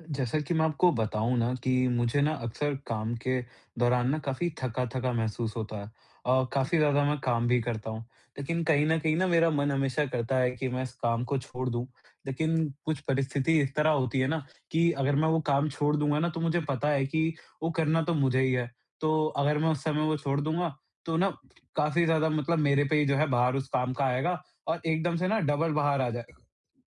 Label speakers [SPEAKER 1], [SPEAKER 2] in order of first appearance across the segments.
[SPEAKER 1] जैसा कि मैं आपको बताऊँ ना कि मुझे ना अक्सर काम के दौरान ना काफ़ी थका-थका महसूस होता है अ, काफ़ी
[SPEAKER 2] जी।
[SPEAKER 1] ज़्यादा मैं काम भी करता हूँ, लेकिन कहीं न कहीं ना मेरा मन हमेशा करता है कि मैं इस काम को छोड़ दूँ। लेकिन कुछ परिस्थिति इस तरह होती है ना कि अगर मैं वो काम छोड़ दूँगा ना तो मुझे पता है कि वो करना तो मुझे ही है, तो अगर मैं उस समय वो छोड़ दूँगा, तो ना काफ़ी ज़्यादा मतलब मेरे पे ही जो है भार उस काम का आएगा और एकदम से ना डबल भार आ जाए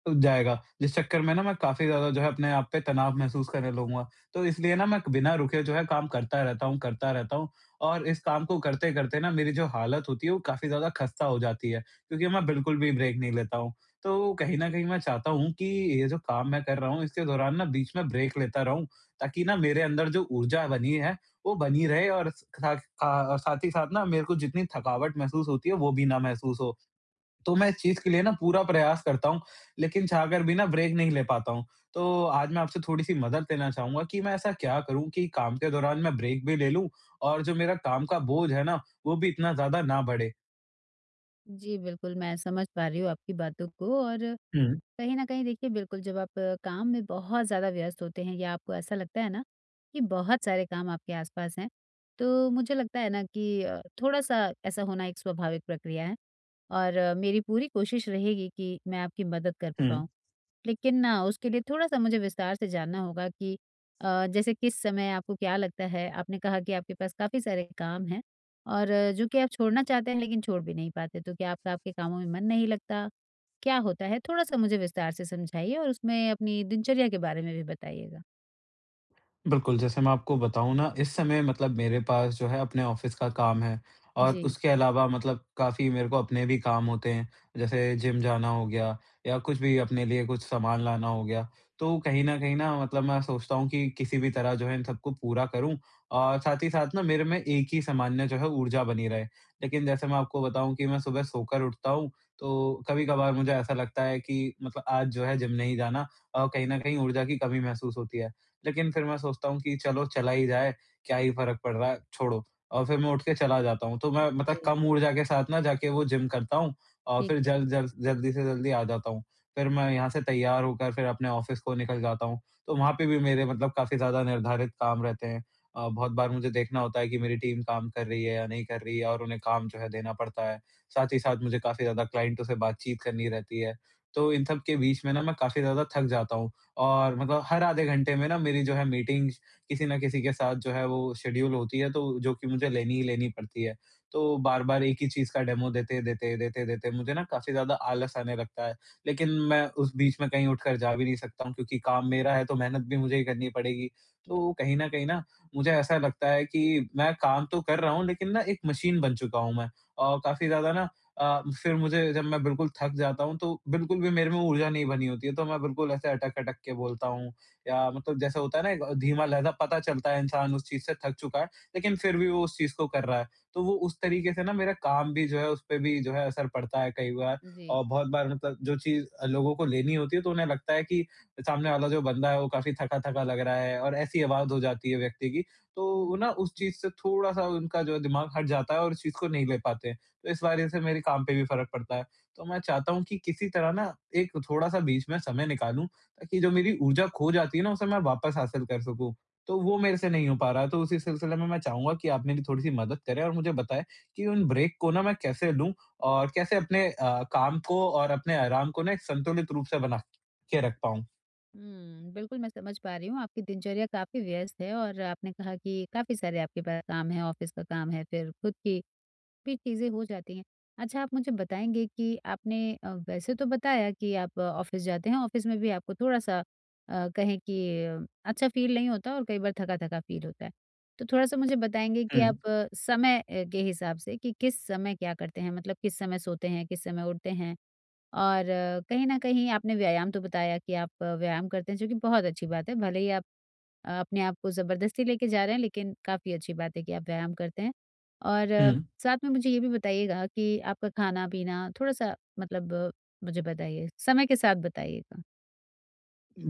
[SPEAKER 1] [unintelligible] जाएगा, जिस चक्कर में ना मैं काफ़ी ज़्यादा जो है अपने आप पे तनाव महसूस करने लगूँगा। तो इसलिए ना मैं बिना रुके जो है काम करता रहता हूँ, करता रहता हूँ और इस काम को करते-करते ना मेरी जो हालत होती है वो काफ़ी ज़्यादा खस्ता हो जाती है। क्योंकि मैं बिल्कुल भी ब्रेक नहीं लेता हूँ। तो कहीं न कहीं मैं चाहता हूँ कि ये जो काम मैं कर रहा हूँ इसके दौरान ना बीच में ब्रेक लेता रहूँ, ताकि ना मेरे अंदर जो ऊर्जा बनी है वो बनी रहे और ख खा साथ ही साथ ना मेरे को जितनी थकावट महसूस होती है वो भी ना महसूस हो। तो मैं इस चीज़ के लिए ना पूरा प्रयास करता हूँ, लेकिन चाह कर भी ना ब्रेक नहीं ले पाता हूँ। तो आज मैं आपसे थोड़ी सी मदद लेना चाहूँगा कि मैं ऐसा क्या करूँ कि काम के दौरान मैं ब्रेक भी ले लूँ और जो मेरा काम का बोझ है ना, वो भी इतना ज़्यादा ना बढ़े।
[SPEAKER 2] जी बिल्कुल, मैं समझ पा रही हूँ आपकी बातों को और
[SPEAKER 1] हुँ।
[SPEAKER 2] कहीं न कहीं देखिए बिल्कुल जब आप काम में बहुत ज़्यादा व्यस्त होते हैं या आपको ऐसा लगता है ना कि बहुत सारे काम आपके आस-पास हैं, तो मुझे लगता है ना कि अ, थोड़ा-सा ऐसा होना एक स्वाभाविक प्रक्रिया है और मेरी पूरी कोशिश रहेगी कि मैं आपकी मदद कर
[SPEAKER 1] हुँ।
[SPEAKER 2] पाऊँ। लेकिन न उसके लिए थोड़ा-सा मुझे विस्तार से जानना होगा कि अ, जैसे किस समय आपको क्या लगता है? आपने कहा कि आपके पास काफ़ी सारे काम हैं और जो कि आप छोड़ना चाहते हैं लेकिन छोड़ भी नहीं पाते तो क्या आपका आपके कामों में मन नहीं लगता? क्या होता है थोड़ा-सा मुझे विस्तार से समझाइए और उसमें अपनी दिनचर्या के बारे में भी बताइएगा?
[SPEAKER 1] बिल्कुल, जैसे मैं आपको बताऊँ ना इस समय मतलब मेरे पास जो है अपने ऑफिस का काम है और
[SPEAKER 2] जी।
[SPEAKER 1] उसके अलावा मतलब काफ़ी मेरे को अपने भी काम होते हैं, जैसे जिम जाना हो गया या कुछ भी अपने लिए कुछ सामान लाना हो गया। तो कहीं न कहीं ना मतलब मैं सोचता हूँ कि किसी भी तरह जो है इन सबको पूरा करूँ और साथ ही साथ ना मेरे में एक ही समान्य जो है ऊर्जा बनी रहे। लेकिन जैसे मैं आपको बताऊँ कि मैं सुबह सोकर उठता हूँ, तो कभी-कभार मुझे ऐसा लगता है कि मतलब आज जो है जिम नहीं जाना और कहीं न कहीं ऊर्जा की कमी महसूस होती है। लेकिन फिर मैं सोचता हूँ कि चलो चला ही जाए, क्या ही फ़र्क पड़ रहा है, छोड़ो। और फिर मैं उठकर चला जाता हूँ, तो मैं मतलब
[SPEAKER 2] है।
[SPEAKER 1] कम ऊर्जा के साथ ना जाके ना वो जिम करता हूँ और
[SPEAKER 2] ठीक
[SPEAKER 1] फिर
[SPEAKER 2] है।
[SPEAKER 1] जल्द जल्द जल्दी से जल्दी आ जाता हूँ। फिर मैं यहाँ से तैयार होकर फिर अपने ऑफिस को निकल जाता हूँ, तो वहाँ पे भी मेरे मतलब काफ़ी ज़्यादा निर्धारित काम रहते हैं। अ, बहुत बार मुझे देखना होता है कि मेरी टीम काम कर रही है या नहीं कर रही है और उन्हें काम जो है देना पड़ता है। साथ ही साथ मुझे काफ़ी ज़्यादा क्लाइंटों से बातचीत करनी रहती है। तो इन सबके बीच में ना मैं काफ़ी ज़्यादा थक जाता हूँ और मतलब हर आधे घंटे में ना मेरी जो है मीटिंग्स किसी ना किसी के साथ जो है वो शड्यूल होती है तो जो कि मुझे लेनी ही लेनी पड़ती है, तो बार-बार एक ही चीज़ का डेमो देते-देते, देते-देते मुझे ना काफ़ी ज़्यादा आलस आने लगता है। लेकिन मैं उस बीच में कहीं उठकर जा भी नहीं सकता हूँ क्योंकि काम
[SPEAKER 2] जी।
[SPEAKER 1] मेरा है तो मेहनत भी मुझे ही करनी पड़ेगी,
[SPEAKER 2] बि
[SPEAKER 1] तो कहीं न कहीं ना मुझे ऐसा लगता है कि मैं काम तो कर रहा हूँ लेकिन ना एक मशीन बन चुका हूँ मैं। और काफ़ी ज़्यादा ना अ, फिर मुझे जब मैं बिल्कुल थक जाता हूँ तो बिल्कुल भी मेरे में ऊर्जा नहीं बनी होती है, तो मैं बिल्कुल ऐसे अटक-अटक के बोलता हूँ या मतलब जैसे होता है ना एक धीमा-लहज़ा पता चलता है इंसान उस चीज़ से थक चुका है, लेकिन फिर भी वो उस चीज़ को कर रहा है। तो वो उस तरीके से ना मेरा काम भी जो है उस पे भी जो है असर पड़ता है कई बार
[SPEAKER 2] जी।
[SPEAKER 1] और बहुत बार मतलब जो चीज़ लोगों को लेनी होती है तो उन्हें लगता है कि सामने वाला जो बंदा है वो काफ़ी थका-थका लग रहा है और ऐसी आवाज़ हो जाती है व्यक्ति की, तो
[SPEAKER 2] हुँ।
[SPEAKER 1] वो ना उस चीज़ से थोड़ा-सा उनका जो दिमाग हट जाता है और उस चीज़ को नहीं ले पाते हैं, तो इस वजह से मेरे काम पे भी फ़र्क पड़ता है। तो मैं चाहता हूँ कि किसी तरह ना एक थोड़ा-सा बीच में समय निकालूँ, ताकि जो मेरी ऊर्जा खो जाती है ना उसे मैं वापस हासिल कर सकूँ। तो वो मेरे से नहीं हो पा रहा है, तो उसी सिलसिले में मैं चाहूँगा कि आप मेरी थोड़ी-सी मदद करें और मुझे बताएँ, कि उन ब्रेक को ना मैं कैसे लूँ और कैसे अपने अ, काम को और अपने आराम को ना एक संतुलित रूप से बना के रख पाऊँ?
[SPEAKER 2] हुँ, बिल्कुल मैं समझ पा रही हूँ आपकी दिनचर्या काफ़ी व्यस्त है और आपने कहा कि काफ़ी सारे आपके पा काम हैं, ऑफिस का काम है फिर खुद की भी चीजें हो जाती हैं। अच्छा आप मुझे बताएँगे कि आपने अ, वैसे तो बताया कि आप ऑफिस जाते हैं, ऑफिस में भी आपको थोड़ा-सा अ, कहें कि अच्छा फ़ील नहीं होता और कई बार थका-थका फ़ील होता है। तो थोड़ा-सा मुझे बताएँगे कि आप
[SPEAKER 1] हुँ।
[SPEAKER 2] समय ए के हिसाब से कि किस समय क्या करते हैं, मतलब किस समय सोते हैं, किस समय उठते हैं? और कहीं न कहीं आपने व्यायाम तो बताया कि आप अ, व्यायाम करते हैं, जो कि बहुत अच्छी बात है भले ही आप अ, अपने आप को जबरदस्ती लेके जा रहे हैं लेकिन काफ़ी अच्छी बात है कि आप व्यायाम करते हैं। और
[SPEAKER 1] हुँ।
[SPEAKER 2] साथ में मुझे ये भी बताइएगा कि आपका खाना-पीना थोड़ा-सा मतलब मुझे बताइए, समय के साथ बताइएगा।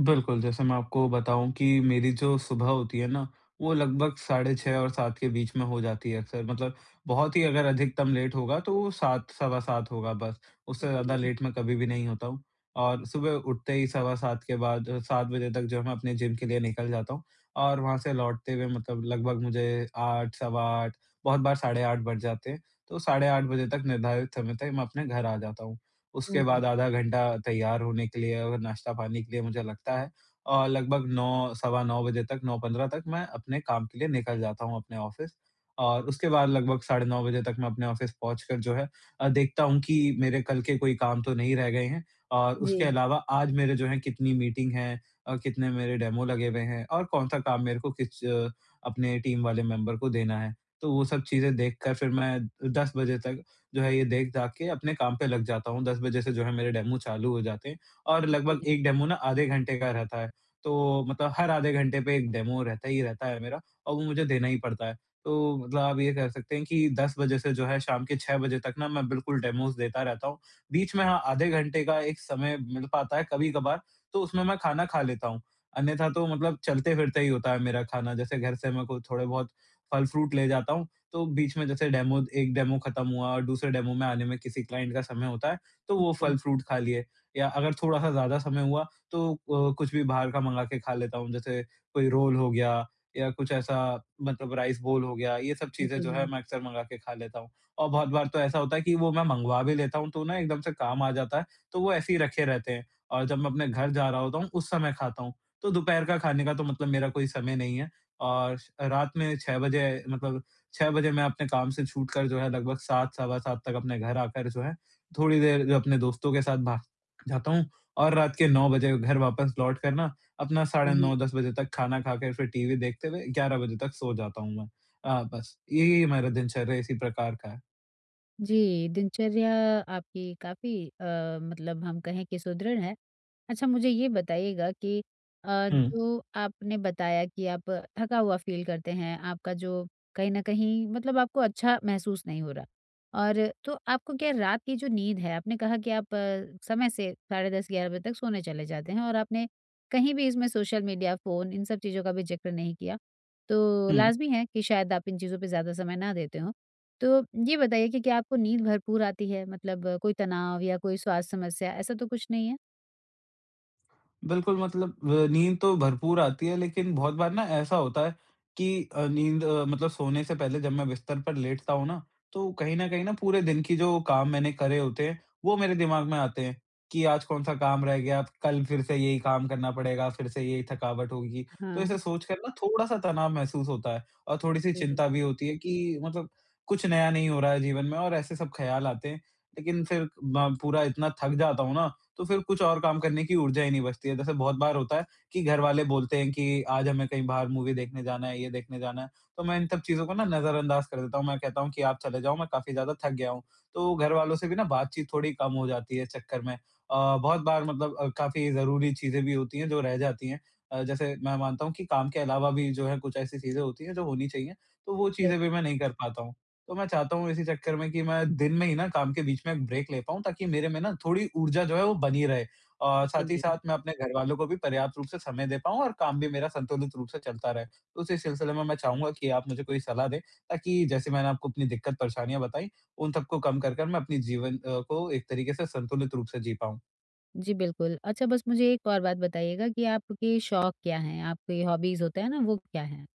[SPEAKER 1] बिल्कुल, जैसे मैं आपको बताऊँ कि मेरी जो सुबह होती है ना, वो लगभग साढ़े 6 और 7 के बीच में हो जाती है अक्सर मतलब बहुत ही अगर अधिकतम लेट होगा तो 7, सवा 7 होगा बस, उससे ज़्यादा
[SPEAKER 2] जी।
[SPEAKER 1] लेट मैं कभी भी नहीं होता हूँ। और सुबह उठते ही सवा 7 के बाद 7 बजे तक जो है मैं अपनी जिम के लिए निकल जाता हूँ और वहाँ से लौटते हुए मतलब लगभग मुझे 8, सवा 8, बहुत बार साढ़े 8 बज जाते हैं। तो साढ़े 8 बजे तक निर्धारित समय तक मैं अपने घर आ जाता हूँ। उसके
[SPEAKER 2] हुँ।
[SPEAKER 1] बाद आधा घंटा तैयार होने के लिए और नाश्ता-पानी के लिए मुझे लगता है। और लगभग 9, सवा 9 बजे तक, 9:15 तक मैं अपने काम के लिए निकल जाता हूँ अपने ऑफिस। और उसके बाद लगभग साढ़े 9 बजे तक मैं अपने ऑफिस पहुँचकर जो है अ, देखता हूँ कि मेरे कल के कोई काम तो नहीं रह गए हैं। और उसके
[SPEAKER 2] जी।
[SPEAKER 1] अलावा आज मेरे जो हैं कितनी मीटिंग हैं और कितने मेरे डेमो लगे हुए हैं और कौन-सा काम मेरे को किस अ, अपने टीम वाले मेंबर को देना है। तो वो सब चीज़ें देखकर फिर मैं 10 बजे तक जो है ये देख-दाख के अपने काम पे लग जाता हूँ, 10 बजे से जो है मेरे डेमो चालू हो जाते हैं और लगभग एक डेमो ना आधे घंटे का रहता है, तो मतलब हर आधे घंटे पे एक डेमो रहता ही रहता है मेरा और वो मुझे देना ही पड़ता है। तो मतलब आप ये कह सकते हैं कि 10 बजे से जो है शाम के 6 बजे तक ना मैं बिल्कुल डेमोज़ देता रहता हूँ, बीच में हाँ, आधे घंटे का एक समय मिल पाता है कभी-कभार, तो उसमें मैं खाना खा लेता हूँ। अन्यथा तो मतलब चलते-फिरते ही होता है मेरा खाना जैसे घर से मैं कुछ थोड़े-बहुत फल-फ्रूट ले जाता हूँ, तो बीच में जैसे डेमो एक डेमो खत्म हुआ और दूसरे डेमो में आने में किसी क्लाइंट का समय होता है, तो वो
[SPEAKER 2] जी।
[SPEAKER 1] फल-फ्रूट खा लिए। या अगर थोड़ा-सा ज़्यादा समय हुआ, तो ओ कुछ भी बाहर का मँगा के खा लेता हूँ, जैसे कोई रोल हो गया या कुछ ऐसा मतलब राइस बोल हो गया, ये सब चीज़ें जो है
[SPEAKER 2] जी।
[SPEAKER 1] मैं अक्सर मँगा के खा लेता हूँ। और बहुत बार तो ऐसा होता है कि वो मैं मँगवा भी लेता हूँ तो ना एकदम से काम आ जाता है, तो वो ऐसे ही रखे रहते हैं और जब मैं अपने घर जा रहा होता हूँ उस समय खाता हूँ। तो दोपहर का खाने का तो मतलब मेरा कोई समय नहीं है और रात में 6 बजे मतलब 6 बजे मैं अपने काम से छूटकर जो है लगभग 7, सवा 7 तक अपने घर आकर जो है थोड़ी देर अपने दोस्तों के साथ भा क जाता हूँ और रात के 9 बजे घर वापस लौट कर ना अपना साढ़े
[SPEAKER 2] जी।
[SPEAKER 1] 9, 10 बजे तक खाना खाके फिर टीवी देखते हुए 11 बजे तक सो जाता हूँ मैं। अ, बस यही है मेरा दिनचर्या इसी प्रकार का है।
[SPEAKER 2] जी, दिनचर्या आपकी काफ़ी अ, मतलब हम कहें कि सुदृढ़ है। अच्छा मुझे ये बताइएगा कि अ,
[SPEAKER 1] हुँ।
[SPEAKER 2] जो आपने बताया कि आप थका हुआ फील करते हैं, आपका जो कहीं न कहीं मतलब आपको अच्छा महसूस नहीं हो रहा और तो आपको क्या रात की जो नींद है, आपने कहा कि आप समय से साढ़े 10, 11 बजे तक सोने चले जाते हैं और आपने कहीं भी इसमें सोशल मेडिया, फ़ोन इन सब चीज़ों का भी जिक्र नहीं किया। तो
[SPEAKER 1] हुँ।
[SPEAKER 2] लाज़मी है कि शायद आप इन चीज़ों पे ज़्यादा समय ना देते हों। तो ये बताइए कि क्या आपको नींद भरपूर आती है मतलब कोई तनाव या कोई स्वास्थ्य समस्या ऐसा तो कुछ नहीं है?
[SPEAKER 1] बिल्कुल मतलब ब नींद तो भरपूर आती है, लेकिन बहुत बार ना ऐसा होता है कि अ, नींद मतलब सोने से पहले जब मैं बिस्तर पर लेटता हूँ ना, तो कहीं न कहीं ना पूरे दिन की जो काम मैंने करे होते हैं, वो मेरे दिमाग़ में आते हैं कि आज कौन-सा काम रह गया कल फ़िर से यही काम करना पड़ेगा फ़िर से यही थकावट होगी। तो
[SPEAKER 2] हाँ।
[SPEAKER 1] ऐसे सोच कर ना थोड़ा-सा तनाव महसूस होता है और थोड़ी-सी
[SPEAKER 2] जी।
[SPEAKER 1] चिंता भी होती है कि मतलब कुछ नया नहीं हो रहा है जीवन में और ऐसे सब ख़्याल आते हैं। लेकिन फिर ब पूरा इतना थक जाता हूँ ना तो फ़िर कुछ और काम करने की ऊर्जा ही नहीं बचती है। जैसे बहुत बार होता है कि घरवाले बोलते हैं कि आज हमें कहीं बाहर मूवी देखने जाना है, ये देखने जाना है, तो मैं इन सब चीज़ों को ना नज़रअंदाज कर देता हूँ, मैं कहता हूँ कि आप चले जाओ, मैं काफ़ी ज़्यादा थक गया हूँ। तो घर वालों से भी ना बातचीत थोड़ी कम हो जाती है इस चक्कर में। अ, बहुत बार मतलब अ, काफ़ी ज़रूरी चीज़ें भी होती हैं जो रह जाती हैं अ, जैसे मैं मानता हूँ कि काम के अलावा भी जो है कुछ ऐसी चीज़ें होती हैं जो होनी चाहिए, तो वो
[SPEAKER 2] बिल
[SPEAKER 1] चीज़ें भी मैं नहीं कर पाता हूँ। तो मैं चाहता हूँ इसी चक्कर में कि मैं दिन में ही ना काम के बीच में ब्रेक ले पाऊँ ताकि मेरे में ना थोड़ी ऊर्जा जो है वो बनी रहे। अ,
[SPEAKER 2] जी,
[SPEAKER 1] साथ ही
[SPEAKER 2] जी।
[SPEAKER 1] साथ मैं अपने घर वालों को भी पर्याप्त रूप से समय दे पाऊँ और काम भी मेरा संतुलित रूप से चलता रहे। तो उसी सिलसिले में मैं चाहूँगा कि आप मुझे कोई सलाह दें, ताकि जैसे मैंने आपको अपनी दिक्कत परेशानियाँ बताई, उन सबको कम कर कर मैं अपने जीवन अ, को एक तरीक़े से संतुलित रूप से जी पाऊँ?
[SPEAKER 2] जी बिल्कुल। अच्छा बस मुझे एक और बात बताइएगा कि आपके शौक क्या हैं? आपके हॉबीस होते हैं ना, वो क्या हैं?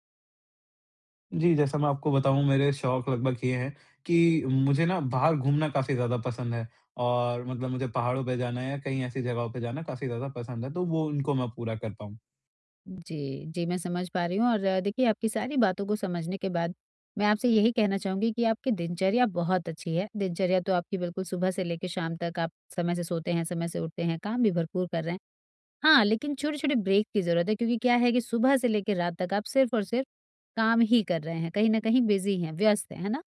[SPEAKER 1] जी, जैसा मैं आपको बताऊँ मेरे शौक लगभग ये हैं कि मुझे ना बाहर घूमना काफ़ी ज़्यादा पसंद है और मतलब मुझे पहाड़ों पे जाना है या कहीं ऐसी जगहों पे जाना काफ़ी ज़्यादा पसंद है तो वो उनको मैं पूरा करता हूँ।
[SPEAKER 2] जी, जी, मैं समझ पा रही हूँ और देखिए आपकी सारी बातों को समझने के बाद, मैं आपसे यही कहना चाहूँगी कि आपकी दिनचर्या बहुत अच्छी है, दिनचर्या तो आपकी बिल्कुल सुबह से लेकर शाम तक आप समय से सोते हैं, समय से उठते हैं, काम भी भरपूर कर रहे हैं। हाँ, लेकिन छोटे-छोटे ब्रेक की जरूरत है, क्योंकि क्या है कि सुबह से लेकर रात तक आप सिर्फ और सिर्फ काम ही कर रहे हैं, कहीं न कहीं बिजी हैं, व्यस्त हैं, है ना?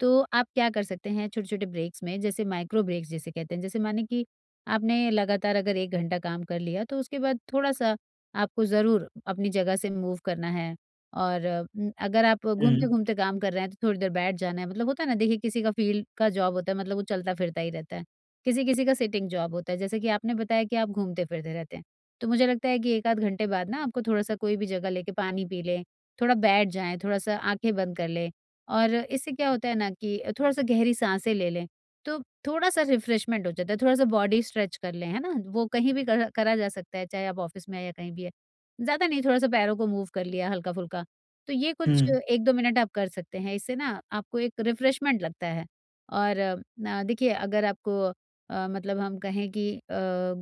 [SPEAKER 2] तो आप क्या कर सकते हैं छोटे-छोटे ब्रेक्स में जैसे माइक्रो ब्रेक्स जिसे कहते हैं जैसे माने कि आपने लगातार अगर 1 घंटा काम कर लिया तो उसके बाद थोड़ा सा आपको ज़रूर अपनी जगह से मूव करना है और अगर आप
[SPEAKER 1] हम्म।
[SPEAKER 2] घूमते-घूमते काम कर रहे हैं तो थोड़ी देर बैठ जाना है मतलब होता है ना, देखिए किसी का फील्ड का जॉब होता है, मतलब वो चलता-फिरता ही रहता है। किसी-किसी का सिटिंग जॉब होता है, जैसे कि आपने बताया कि आप घूमते-फिरते रहते हैं। तो मुझे लगता है कि 1 आध घंटे बाद ना आपको थोड़ा सा कोई भी जगह लेकर पानी पी लें, थोड़ा बैठ जाएँ, थोड़ा सा आँखें बंद कर लें। और इससे क्या होता है ना कि अ, थोड़ा सा गहरी साँसें ले लें, तो थोड़ा सा रिफ्रेश्मेन्ट हो जाता है, थोड़ा सा बॉडी स्ट्रेच कर लें, है ना? वो कहीं भी करा करा जा सकता है, चाहे आप ऑफिस में हैं या कहीं भी है। ज़्यादा नहीं, थोड़ा सा पैरों को मूव कर लिया हल्का-फुल्का। तो ये कुछ
[SPEAKER 1] हम्म।
[SPEAKER 2] 1-2 मिनट आप कर सकते हैं इससे ना आपको एक रिफ्रेश्मेन्ट लगता है। और न देखिए अगर आपको अ, मतलब हम कहें कि अ,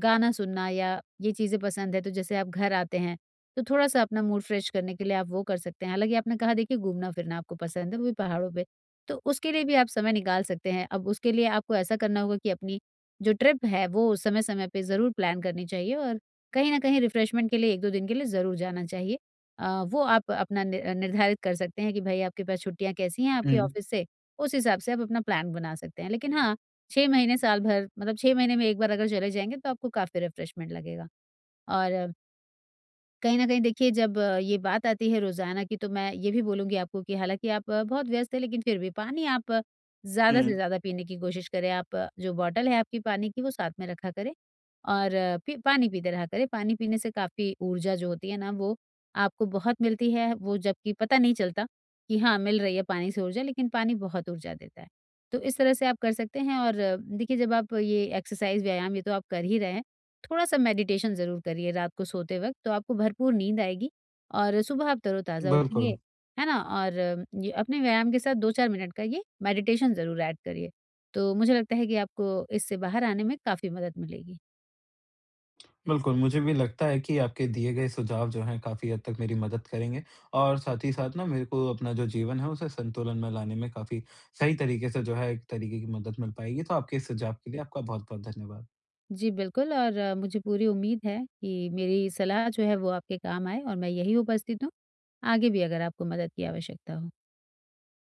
[SPEAKER 2] गाना सुनना या ये चीज़े पसंद है तो जैसे आप घर आते हैं, तो थोड़ा सा अपना मूड फ्रेश करने के लिए आप वो कर सकते हैं हालाँकि आपने कहा देखिए घूमना-फिरना आपको पसंद है, वो भी पहाड़ों पे, तो उसके लिए भी आप समय निकाल सकते हैं। अब उसके लिए आपको ऐसा करना होगा कि अपनी जो ट्रिप है, वो समय-समय पर ज़रूर प्लान करनी चाहिए और कहीं ना कहीं रिफ्रेश्मेन्ट के लिए 1-2 दिन के लिए ज़रूर जाना चाहिए। अ, वो आप अपना न निर्धारित कर सकते हैं कि भाई आपके पास छुट्टियाँ कैसी हैं आपके
[SPEAKER 1] हुँ।
[SPEAKER 2] ऑफिस से, उस हिसाब से आप अपना प्लान बना सकते हैं लेकिन हाँ, 6 महीने साल भर मतलब 6 महीने में 1 बार अगर चले जाएँगे तो आपको काफ़ी रिफ्रेश्मेन्ट लगेगा। और कहीं न कहीं देखिए, जब ये बात आती है रोजाना की तो मैं ये भी बोलूँगी आपको कि हालाँकि आप बहुत व्यस्त हैं लेकिन फिर भी पानी आप ज़्यादा से
[SPEAKER 1] हुँ।
[SPEAKER 2] ज़्यादा पीने की कोशिश करें आप जो बॉटल है आपकी पानी की वो साथ में रखा करें और पी पानी पीते रहा करें पानी पीने से काफ़ी ऊर्जा जो होती है ना वो आपको बहुत मिलती है, वो जबकि पता नहीं चलता कि हाँ, मिल रही है पानी से ऊर्जा, लेकिन पानी बहुत ऊर्जा देता है। तो इस तरह से आप कर सकते हैं और देखिए जब आप ये एक्सरसाइज व्यायाम ये तो आप कर ही रहे हैं, थोड़ा-सा मेडिटेशन ज़रूर करिए रात को सोते वक़्त तो आपको भरपूर नींद आएगी और सुबह आप तरोताज़ा
[SPEAKER 1] बिल्कुल।
[SPEAKER 2] उठेंगे, है ना? और य अपने व्यायाम के साथ 2-4 मिनट का ये मेडिटेशन ज़रूर ऐड करिए। तो मुझे लगता है कि आपको इससे बाहर आने में, काफ़ी मदद मिलेगी।
[SPEAKER 1] बिल्कुल, मुझे भी लगता है कि आपके दिए गए सुझाव जो हैं काफ़ी हद तक मेरी मदद करेंगे और साथ ही साथ ना मेरे को अपना जो जीवन है उसे संतुलन में लाने में काफ़ी सही तरीके से जो है एक तरीके की मदद मिल पाएगी, तो आपके इस सुझाव के लिए आपका बहुत-बहुत धन्यवाद।
[SPEAKER 2] जी बिल्कुल और मुझे पूरी उम्मीद है, कि मेरी सलाह जो है वो आपके काम आए और मैं यही उपस्थित हूँ, आगे भी अगर आपको मदद की आवश्यकता हो।